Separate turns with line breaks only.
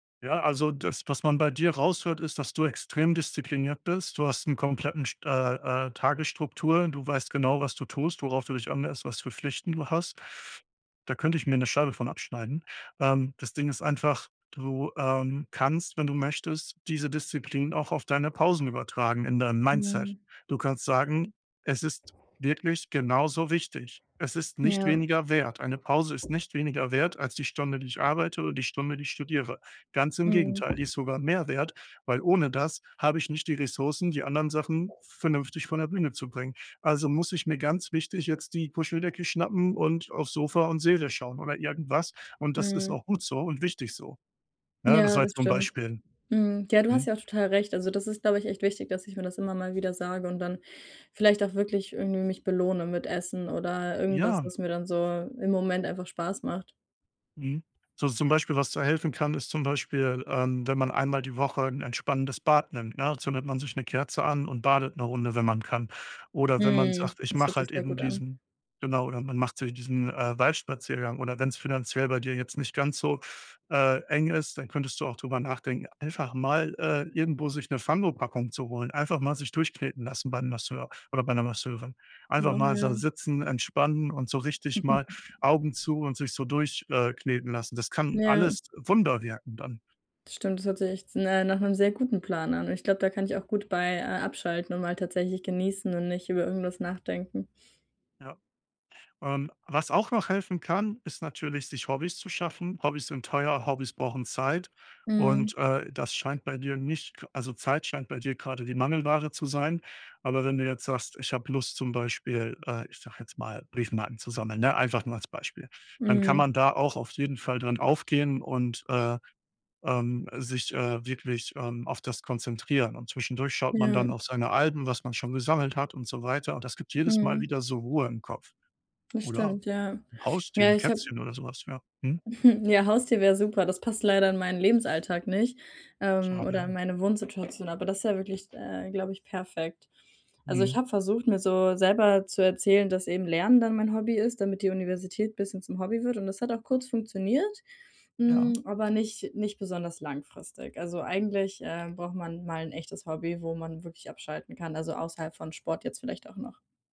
Ja, also das, was man bei dir raushört ist, dass du extrem diszipliniert bist. Du hast 'n kompletten st äh, äh, Tagesstruktur. Du weißt genau, was du tust, worauf du dich anlässt, was für Pflichten du hast. Da könnte ich mir 'ne Scheibe von abschneiden. Ähm, das Ding ist einfach, du, ähm, kannst, wenn du möchtest, diese Disziplin auch auf deine Pausen übertragen in deinem Mindset.
Mhm.
Du kannst sagen, es ist wirklich genauso wichtig. Es ist nicht
Ja.
weniger wert. Eine Pause ist nicht weniger wert als die Stunde, die ich arbeite oder die Stunde, die ich studiere. Ganz im Gegenteil, die
Mhm.
ist sogar mehr wert, weil ohne das habe ich nicht die Ressourcen, die anderen Sachen vernünftig von der Bühne zu bringen. Also muss ich mir ganz wichtig jetzt die Puscheldecke schnappen und aufs Sofa und Serie schauen oder irgendwas und das ist
Mhm.
auch gut so und wichtig so. Ne, das
Ja,
war
das
jetzt so 'n
stimmt.
Beispiel.
Mhm. Ja, du hast
Mhm.
ja auch total recht. Also, das ist, glaube ich, echt wichtig, dass ich mir das immer mal wieder sage und dann vielleicht auch wirklich irgendwie mich belohne mit Essen oder irgendwas,
Ja.
was mir dann so im Moment einfach Spaß macht.
Mhm. So so zum Beispiel, was da helfen kann, ist zum Beispiel, ähm, wenn man einmal die Woche 'n entspannendes Bad nimmt, ne? Da zündet man sich 'ne Kerze an und badet 'ne Runde, wenn man kann. Oder wenn man
Mhm.
sagt: „Ich
Das hört
mache
sich
halt
sehr
eben
gut an.
diesen“ genau, oder man macht so diesen, äh, Waldspaziergang oder wenn's finanziell bei dir jetzt nicht ganz so, äh, eng ist, dann könntest du auch drüber nachdenken, einfach mal, äh, irgendwo sich 'ne Fangopackung zu holen. Einfach mal sich durchkneten lassen beim Masseur oder bei 'ner Masseurin. Einfach mal sa
[unintelligible]
sitzen, entspannen und so richtig mal Augen zu und sich so durch äh, kneten lassen. Das kann
Ja.
alles Wunder wirken dann.
Stimmt, das hört sich echt, ne, nach 'nem sehr guten Plan an und ich glaube, da kann ich auch gut bei, äh abschalten und mal tatsächlich genießen und nicht über irgendwas nachdenken.
Ja. Ähm, was auch noch helfen kann, ist natürlich, sich Hobbys zu schaffen. Hobbys sind teuer, Hobbys brauchen Zeit
Mhm.
und, äh, das scheint bei dir nicht also, Zeit scheint bei dir grade die Mangelware zu sein. Aber wenn du jetzt sagst: „Ich habe Lust“, zum Beispiel, äh, ich sage jetzt mal, „Briefmarken zu sammeln“, ne, einfach nur als Beispiel. Dann kann
Mhm.
man da auch auf jeden Fall drin aufgehen und, äh, ähm, sich, äh, wirklich, ähm, auf das konzentrieren und zwischendurch schaut man
Ja.
dann auf seine Alben, was man schon gesammelt hat und so weiter, und das gibt jedes Mal
Mhm.
wieder so Ruhe im Kopf.
Das
Oder
stimmt, ja.
'n Haustier,
Ja,
'n
ich habe
Kätzchen oder so was. Ja, mhm.
Ja, Haustier wäre super, das passt leider in meinen Lebensalltag nicht, ähm,
Schade,
oder in
ja.
meine Wohnsituation, aber das wäre wirklich, äh, glaube ich, perfekt. Also, ich
Mhm.
habe versucht, mir so selber zu erzählen, dass eben Lernen dann mein Hobby ist, damit die Universität bisschen zum Hobby wird und das hat auch kurz funktioniert, hm,
Ja.
aber nicht nicht besonders langfristig. Also eigentlich, äh, braucht man mal 'n echtes Hobby, wo man wirklich abschalten kann, also, außerhalb von Sport jetzt vielleicht auch noch.